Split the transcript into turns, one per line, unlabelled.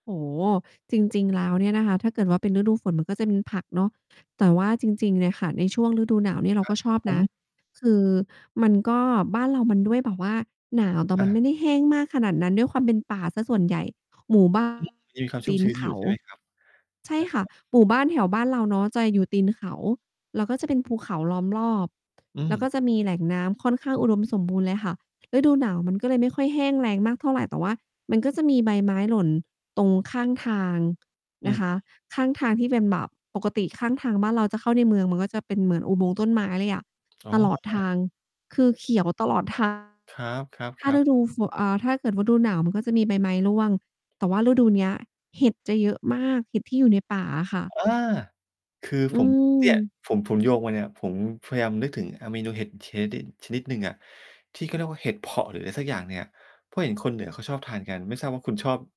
โอ้โฮ จริง ๆ แล้วเนี่ยนะคะ ถ้าเกิดว่าเป็นฤดูฝนมันก็จะมีผักเนาะ แต่ว่าจริง ๆ เนี่ยค่ะ ในช่วงฤดูหนาวเนี่ย เรา
ครั
ก
บ
็ชอบ
ผ
นะ
ม
คือมันก็ บ้านเรามันด้วยแบบว่าหนาว แต่
อ
มันไม
า
่ได้แห้งมากขนาดนั้น ด้วยความเป็นป่าเสียส่วนใหญ่ หมู่ บ้าน
มีความช
ต
ุ่
ี
มช
น
ื้น
เข
อยู่
า
ใช่ไหม ครับ?
ใช่ค่ะ
[unintelligible]
หมู่บ้านแถวบ้านเราเนาะ จะอยู่ตีนเขา แล้วก็จะเป็นภูเขาล้อมรอบ
อื
แล้ว
ม
ก็จะมีแหล่งน้ำค่อนข้างอุดมสมบูรณ์เลยค่ะ ฤดูหนาวมันก็เลยไม่ค่อยแห้งแล้งมากเท่าไร แต่ว่ามันก็จะมีใบไม้หล่นตรงข้างทาง
อ
น
ื้
ะ
อ
ค
ฮ
ะ
ือ
ข้างทางที่เป็นแบบ ปกติข้างทางบ้านเราจะเข้าในเมือง มันก็จะเป็นเหมือนอุโมงค์ต้นไม้เลยอะ
โอ้
ต
โ
ลอดท
ฮ
าง คือเขียวตลอด ทาง
ครั
ถ้า
บ ๆ ๆ
ฤดูฝน เอ่อ ถ้าเกิดฤดูหนาว มันก็จะมีใบไม้ร่วง แต่ว่าฤดูเนี้ย เห็ดจะเยอะมาก เห็ดที่อยู่ในป่าอะค่ะ
อา คือ
อื
ผม เนี่ย
ม
ผม ผมโยงมาเนี่ย ผมพยายามนึกถึง อ่า เมนูเห็ดเชเด็ด ชนิดหนึ่งอะ ที่เขาเรียกว่าเห็ดเผาะ หรืออะไรสักอย่างเนี่ย เพราะเห็นคนเหนือเขาชอบทานกัน ไม่ทราบว่าคุณชอบ